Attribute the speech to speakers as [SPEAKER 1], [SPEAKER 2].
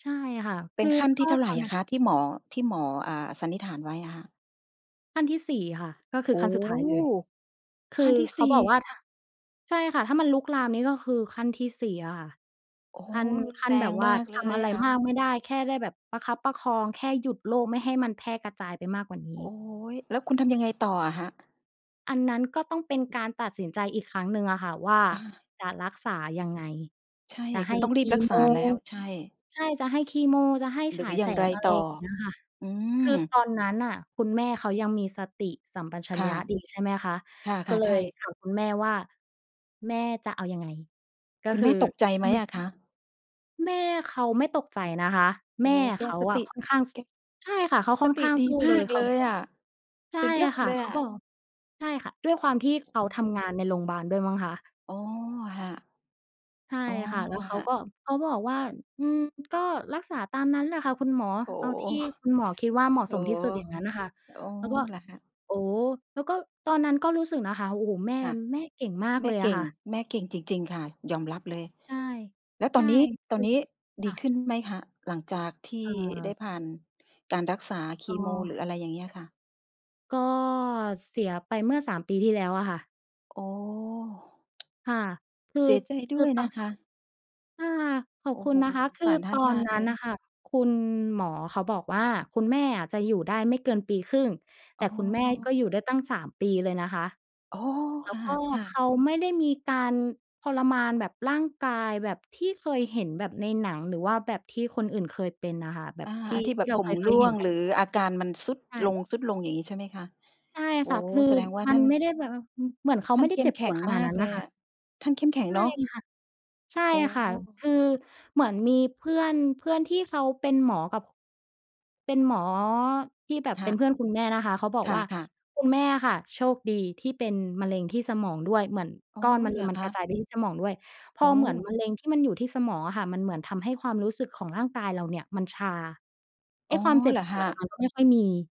[SPEAKER 1] ใช่ค่ะ
[SPEAKER 2] เ
[SPEAKER 1] ค
[SPEAKER 2] ป็
[SPEAKER 1] ื
[SPEAKER 2] น
[SPEAKER 1] อ
[SPEAKER 2] ขั้น
[SPEAKER 1] ก
[SPEAKER 2] ที
[SPEAKER 1] ็
[SPEAKER 2] ่เท่าไ
[SPEAKER 1] ต
[SPEAKER 2] ร
[SPEAKER 1] อน
[SPEAKER 2] อ
[SPEAKER 1] นั้น
[SPEAKER 2] ะคะ? ที่หมอ ที่หมอ อ่า สันนิษฐานไว้อะค่ะ
[SPEAKER 1] ขั้นที่ 4 ค่ะ ก็คื
[SPEAKER 2] โอ
[SPEAKER 1] อข
[SPEAKER 2] ้
[SPEAKER 1] ั้น
[SPEAKER 2] โฮ!
[SPEAKER 1] สุดท้ายเลย คื
[SPEAKER 2] ขั้
[SPEAKER 1] อ
[SPEAKER 2] นที่
[SPEAKER 1] เข
[SPEAKER 2] ส
[SPEAKER 1] า
[SPEAKER 2] ี่
[SPEAKER 1] บอกว่า ถ้า ใช่ค่ะ ถ้ามันลุกลามนี่ก็คือขั้นที่ 4 อะค่ะ
[SPEAKER 2] โอ้โฮ!
[SPEAKER 1] ขั้น
[SPEAKER 2] รุน
[SPEAKER 1] ขั้
[SPEAKER 2] แ
[SPEAKER 1] น
[SPEAKER 2] ร
[SPEAKER 1] แบ
[SPEAKER 2] ง
[SPEAKER 1] บว่
[SPEAKER 2] ม
[SPEAKER 1] า
[SPEAKER 2] ากเ
[SPEAKER 1] ท
[SPEAKER 2] ล
[SPEAKER 1] ำ
[SPEAKER 2] ย
[SPEAKER 1] อะไร
[SPEAKER 2] อะ
[SPEAKER 1] มากไม่ได้ แค่ได้แบบประคับประคอง แค่หยุดโรคไม่ให้มันแพร่กระจายไปมากกว่านี
[SPEAKER 2] โอ
[SPEAKER 1] ้
[SPEAKER 2] ๊ย! แล้วคุณทำยังไงต่ออะคะ?
[SPEAKER 1] อันนั้นก็ต้องเป็นการตัดสินใจอีกครั้งหนึ่งอะค่ะว่า
[SPEAKER 2] อา
[SPEAKER 1] จะรักษายังไง?
[SPEAKER 2] ใช่
[SPEAKER 1] จะใ
[SPEAKER 2] ค
[SPEAKER 1] ห
[SPEAKER 2] ุ
[SPEAKER 1] ้
[SPEAKER 2] ณต้องร
[SPEAKER 1] ค
[SPEAKER 2] ีบ
[SPEAKER 1] ี
[SPEAKER 2] รัก
[SPEAKER 1] โม
[SPEAKER 2] ษาแล้ว ใช่
[SPEAKER 1] ใช่ จะให้คีโม จะให้
[SPEAKER 2] หร
[SPEAKER 1] ฉ
[SPEAKER 2] ือ
[SPEAKER 1] าย
[SPEAKER 2] อย
[SPEAKER 1] แ
[SPEAKER 2] ่
[SPEAKER 1] ส
[SPEAKER 2] างไร
[SPEAKER 1] ง อะไ
[SPEAKER 2] ต
[SPEAKER 1] ร
[SPEAKER 2] ่อ?
[SPEAKER 1] อย่างเงี้ยค่ะ
[SPEAKER 2] อื
[SPEAKER 1] คือ
[SPEAKER 2] ม
[SPEAKER 1] ตอนนั้นน่ะคุณแม่เขายังมีสติสัมปชั
[SPEAKER 2] ค
[SPEAKER 1] ญ
[SPEAKER 2] ่
[SPEAKER 1] ญ
[SPEAKER 2] ะ
[SPEAKER 1] ะดีใช่ไหมคะ
[SPEAKER 2] ค่
[SPEAKER 1] ก็
[SPEAKER 2] ะ
[SPEAKER 1] เล
[SPEAKER 2] ๆ ใช
[SPEAKER 1] ย
[SPEAKER 2] ่
[SPEAKER 1] ถามคุณแม่ว่า "แม่จะเอายังไง?" ก็
[SPEAKER 2] คุณ
[SPEAKER 1] ค
[SPEAKER 2] แ
[SPEAKER 1] ื
[SPEAKER 2] ม
[SPEAKER 1] อ
[SPEAKER 2] ่ตกใจ
[SPEAKER 1] ห
[SPEAKER 2] ไหม
[SPEAKER 1] เม่ะ
[SPEAKER 2] อะคะ?
[SPEAKER 1] แม่เขาไม่ตกใจนะคะ
[SPEAKER 2] โอ
[SPEAKER 1] แม
[SPEAKER 2] ้
[SPEAKER 1] ่
[SPEAKER 2] โฮ แก
[SPEAKER 1] เขา
[SPEAKER 2] ส
[SPEAKER 1] อ
[SPEAKER 2] ต
[SPEAKER 1] ะ
[SPEAKER 2] ิ
[SPEAKER 1] ค่อนข้าง ส
[SPEAKER 2] แก
[SPEAKER 1] ใช่ค่ะ เขาค
[SPEAKER 2] ส
[SPEAKER 1] ่อน
[SPEAKER 2] ต
[SPEAKER 1] ข
[SPEAKER 2] ิ
[SPEAKER 1] ้าง
[SPEAKER 2] ด
[SPEAKER 1] ส
[SPEAKER 2] ี
[SPEAKER 1] ู้
[SPEAKER 2] ม
[SPEAKER 1] เล
[SPEAKER 2] า
[SPEAKER 1] ย
[SPEAKER 2] ก
[SPEAKER 1] เข
[SPEAKER 2] เ
[SPEAKER 1] า
[SPEAKER 2] ลยอะ
[SPEAKER 1] ใช่
[SPEAKER 2] สุดยอด
[SPEAKER 1] ค่ะ
[SPEAKER 2] เลย
[SPEAKER 1] เข
[SPEAKER 2] อ
[SPEAKER 1] าบ
[SPEAKER 2] ะ
[SPEAKER 1] อก ใช่ค่ะ ด้วยความที่เขาทำงานในโรงบาลด้วยมั้งคะ
[SPEAKER 2] อ๋อ ค่ะ
[SPEAKER 1] ใช่
[SPEAKER 2] อ๋อ
[SPEAKER 1] ค่ะ แล้วเขา
[SPEAKER 2] ค่ะ
[SPEAKER 1] ก็ เขาบอกว่า "อืม ก็รักษาตามนั้นแหละค่ะคุณหมอ
[SPEAKER 2] โอ้
[SPEAKER 1] เอาที่คุณหมอคิดว่า เหมาะ
[SPEAKER 2] โฮ โอ
[SPEAKER 1] ส
[SPEAKER 2] ้
[SPEAKER 1] ม
[SPEAKER 2] โ
[SPEAKER 1] ท
[SPEAKER 2] ฮ
[SPEAKER 1] ี่สุด อย่างงั้นน่ะค่ะ"
[SPEAKER 2] โอ้
[SPEAKER 1] แล้วก็
[SPEAKER 2] เหรอคะ?
[SPEAKER 1] โอ้ แล้วก็ตอนนั้นก็รู้สึกนะคะ โอ้โฮ แม่
[SPEAKER 2] ค่ะ
[SPEAKER 1] แม่เก่งมาก
[SPEAKER 2] แม
[SPEAKER 1] เล
[SPEAKER 2] ่
[SPEAKER 1] ย
[SPEAKER 2] เ
[SPEAKER 1] อ
[SPEAKER 2] ก
[SPEAKER 1] ะ
[SPEAKER 2] ่
[SPEAKER 1] ค
[SPEAKER 2] ง
[SPEAKER 1] ่ะ
[SPEAKER 2] แม่เก่งจริง ๆ ค่ะ ยอมรับเลย
[SPEAKER 1] ใช่
[SPEAKER 2] แล้ว
[SPEAKER 1] ใ
[SPEAKER 2] ต
[SPEAKER 1] ช
[SPEAKER 2] อ
[SPEAKER 1] ่
[SPEAKER 2] นนี้ ต
[SPEAKER 1] ค
[SPEAKER 2] อ
[SPEAKER 1] ื
[SPEAKER 2] น
[SPEAKER 1] อ
[SPEAKER 2] นี้ด
[SPEAKER 1] ค
[SPEAKER 2] ี
[SPEAKER 1] ่
[SPEAKER 2] ข
[SPEAKER 1] ะ
[SPEAKER 2] ึ้นไหมคะ? หลังจากที่ได
[SPEAKER 1] เ
[SPEAKER 2] ้
[SPEAKER 1] ออ
[SPEAKER 2] ผ่านการรักษาค
[SPEAKER 1] อ้
[SPEAKER 2] ีโม ห
[SPEAKER 1] อ
[SPEAKER 2] รืออะไรอย่างเงี้ยค่ะ
[SPEAKER 1] ก็ เสียไปเมื่อ 3 ปีที่แล้วอะค่ะ
[SPEAKER 2] อ โอ้
[SPEAKER 1] ค่ะ คือ
[SPEAKER 2] เสียใจ
[SPEAKER 1] ค
[SPEAKER 2] ด
[SPEAKER 1] ื
[SPEAKER 2] ้
[SPEAKER 1] อ
[SPEAKER 2] วย
[SPEAKER 1] เต
[SPEAKER 2] น
[SPEAKER 1] า
[SPEAKER 2] ะ
[SPEAKER 1] ะ
[SPEAKER 2] คะ
[SPEAKER 1] ค่ะ ข
[SPEAKER 2] โ
[SPEAKER 1] อ
[SPEAKER 2] อ
[SPEAKER 1] บ
[SPEAKER 2] ้
[SPEAKER 1] คุ
[SPEAKER 2] โฮ
[SPEAKER 1] ณนะคะ
[SPEAKER 2] สง
[SPEAKER 1] ค
[SPEAKER 2] ส
[SPEAKER 1] ื
[SPEAKER 2] า
[SPEAKER 1] อ
[SPEAKER 2] รท่า
[SPEAKER 1] ต
[SPEAKER 2] น
[SPEAKER 1] อ
[SPEAKER 2] ม
[SPEAKER 1] น
[SPEAKER 2] าก
[SPEAKER 1] น
[SPEAKER 2] เ
[SPEAKER 1] ั
[SPEAKER 2] ล
[SPEAKER 1] ้น
[SPEAKER 2] ย
[SPEAKER 1] น่ะค่ะคุณหมอเขาบอกว่า "คุณแม่อะจะอยู่ได้ไม่เกินปีครึ่ง" แ
[SPEAKER 2] อ
[SPEAKER 1] ต
[SPEAKER 2] ๋
[SPEAKER 1] ่คุณแม่ก็
[SPEAKER 2] อ
[SPEAKER 1] อยู่ได้ตั้ง 3 ปีเลยนะคะ
[SPEAKER 2] อ๋อ
[SPEAKER 1] แล้
[SPEAKER 2] ค
[SPEAKER 1] วก็
[SPEAKER 2] ่ะ
[SPEAKER 1] เข
[SPEAKER 2] ๆ
[SPEAKER 1] าไม่ได้มีการทรมานแบบร่างกายแบบที่เคยเห็นแบบในหนัง หรือว่าแบบที่คนอื่นเคยเป็นน่ะค่ะ แบ
[SPEAKER 2] อา
[SPEAKER 1] บที
[SPEAKER 2] อ
[SPEAKER 1] ่
[SPEAKER 2] ันที่
[SPEAKER 1] ท
[SPEAKER 2] แบ
[SPEAKER 1] ี่
[SPEAKER 2] บ
[SPEAKER 1] เรา
[SPEAKER 2] ผ
[SPEAKER 1] เ
[SPEAKER 2] ม
[SPEAKER 1] ค
[SPEAKER 2] ร่
[SPEAKER 1] ย ๆ เ
[SPEAKER 2] ว
[SPEAKER 1] ห็
[SPEAKER 2] ง
[SPEAKER 1] นก
[SPEAKER 2] ห
[SPEAKER 1] ั
[SPEAKER 2] ร
[SPEAKER 1] น
[SPEAKER 2] ืออาการมันทรุด
[SPEAKER 1] ใช
[SPEAKER 2] ล
[SPEAKER 1] ่
[SPEAKER 2] ง ทรุดลง อย่างงี้ใช่ไหมคะ?
[SPEAKER 1] ใช่
[SPEAKER 2] โอ้
[SPEAKER 1] ค่ะ คือ
[SPEAKER 2] แสดงว่า
[SPEAKER 1] ม
[SPEAKER 2] ท
[SPEAKER 1] ั
[SPEAKER 2] ่
[SPEAKER 1] น
[SPEAKER 2] าน
[SPEAKER 1] ไม่ได้แบบ ว อือ เหมือนเขา
[SPEAKER 2] ท่
[SPEAKER 1] ไ
[SPEAKER 2] า
[SPEAKER 1] ม
[SPEAKER 2] น
[SPEAKER 1] ่ได
[SPEAKER 2] เ
[SPEAKER 1] ้
[SPEAKER 2] ข้
[SPEAKER 1] เจ
[SPEAKER 2] ม
[SPEAKER 1] ็บ
[SPEAKER 2] แข
[SPEAKER 1] ป
[SPEAKER 2] ็
[SPEAKER 1] ว
[SPEAKER 2] ง
[SPEAKER 1] ดขน
[SPEAKER 2] ม
[SPEAKER 1] าด
[SPEAKER 2] า
[SPEAKER 1] น
[SPEAKER 2] ก
[SPEAKER 1] ั้น
[SPEAKER 2] เล
[SPEAKER 1] น่ะ
[SPEAKER 2] ย
[SPEAKER 1] ค่
[SPEAKER 2] อ
[SPEAKER 1] ะ
[SPEAKER 2] ะ ท่านเข้มแข็
[SPEAKER 1] ใ
[SPEAKER 2] ง
[SPEAKER 1] ช่
[SPEAKER 2] เนาะ
[SPEAKER 1] ค่ะ ใช่
[SPEAKER 2] อ๋อ
[SPEAKER 1] ค่ะ คือเหมือนมีเพื่อน เพื่อนที่เขาเป็นหมอกับ ค เป็นหมอที่แบบ
[SPEAKER 2] ค
[SPEAKER 1] เป
[SPEAKER 2] ่
[SPEAKER 1] ็
[SPEAKER 2] ะ
[SPEAKER 1] นเพื่อนคุณแม่นะคะ เขาบอก
[SPEAKER 2] ค
[SPEAKER 1] ว่า
[SPEAKER 2] ่ะ ๆ
[SPEAKER 1] "คุณแม่อะค่ะโชคดีที่เป็นมะเร็งที่สมองด้วย เหมือน
[SPEAKER 2] อ๋
[SPEAKER 1] ก
[SPEAKER 2] อ
[SPEAKER 1] ้อนมะเ
[SPEAKER 2] เ
[SPEAKER 1] ร
[SPEAKER 2] ห
[SPEAKER 1] ็
[SPEAKER 2] ร
[SPEAKER 1] ง
[SPEAKER 2] อ
[SPEAKER 1] มัน
[SPEAKER 2] ค
[SPEAKER 1] กร
[SPEAKER 2] ะ?
[SPEAKER 1] ะจายไปที่สมองด้วย พ
[SPEAKER 2] โอ
[SPEAKER 1] อ เหมือน
[SPEAKER 2] ้
[SPEAKER 1] มะเร็งที่มันอยู่ที่สมองอะค่ะมันเหมือนทำให้ความรู้สึกของร่างกายเราเนี่ยมันชา ไอ
[SPEAKER 2] อ
[SPEAKER 1] ้
[SPEAKER 2] ๋อ
[SPEAKER 1] ความเจ็
[SPEAKER 2] เ
[SPEAKER 1] บ
[SPEAKER 2] หรอ
[SPEAKER 1] ป
[SPEAKER 2] ค
[SPEAKER 1] วดอะ
[SPEAKER 2] ะ?
[SPEAKER 1] มันก็ไม่ค่อยมี"